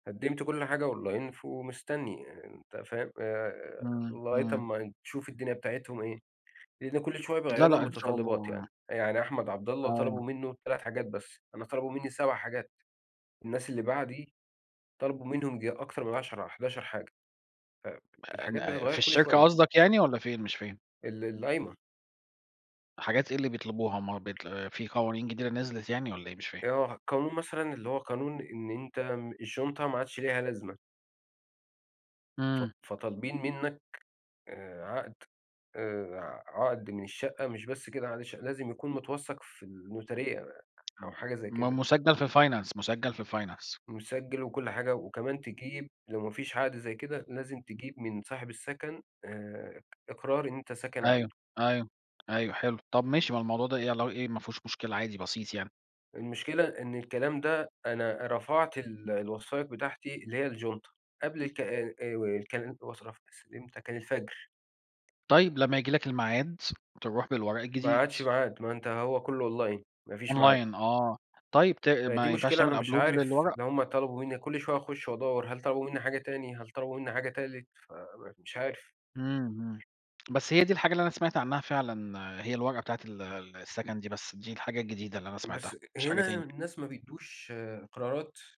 قدمت كل حاجة online، ومستني، آآ، أنت فاهم آآ، امم. لغاية امم. أمّا تشوف الدنيا بتاعتهم إيه. لأن كل شوية لا، بيغيّروا لا، إن شاء المتطلبات الله. يعني. يعني أحمد عبد الله أيوه. طلبوا منه 3 حاجات بس. أنا طلبوا مني 7 حاجات. الناس اللي بعدي طلبوا منهم ييجي أكتر من 10 حداشر حاجة. فالحاجات آآ، في بتتغيّر كل الشركة شوية. قصدك يعني؟ والّا فين؟ مش فاهم. ال القايمة. حاجات إيه اللي بيطلبوها؟ ما هو بيطل في قوانين جديدة نزلت يعني والّا إيه؟ مش فاهم. آه، قانون مثلًا اللي هو قانون إن أنت الشنطة ما عادش ليها لازمة. ف امم. فطالبين منك، آآ، عقد، آآ ع عقد من الشقة، مش بس كده، معلش، لازم يكون متوثق في الnotary أو امم حاجة زي م كده. مسجل في Finance، مسجل في Finance. مسجل وكل حاجة، وكمان تجيب لو ما فيش عقد زي كده لازم تجيب من صاحب السكن، آآ، إقرار إن أنت ساكن أيوه، عنده. أيوه، أيوه حلو. طَب ماشي ما الموضوع ده إيه لو إيه ما فيهوش مشكلة عادي بسيط يعني. المشكلة إن الكلام ده أنا رفعت ال الوثائق بتاعتي اللي هي الjunta قبل ال ك آآ، الوثائق، إمتى كان الفجر. طيب، لما ييجي لك الميعاد تروح بالورق ما الجديد. عادش ميعاد، ما أنت هو كله online، ما فيش ميعاد. Online، آه. طيب ت فدي ما ينفعش مشكلة أنا تعمل مش upload عارف للورق؟ لو هُم طلبوا مني كل شوية أخش وأدوَّر، هل طلبوا منِّي حاجة تاني هل طلبوا مني حاجة تالت فمش عارف. امم. امم. بس هي دي الحاجة اللي أنا سمعت عنها فعلًا هي الورقة بتاعة ال السكن دي بس، دي الحاجة الجديدة اللي أنا سمعتها، بس مش حاجة هنا تاني. الناس ما بيدُوش آآ، قرارات.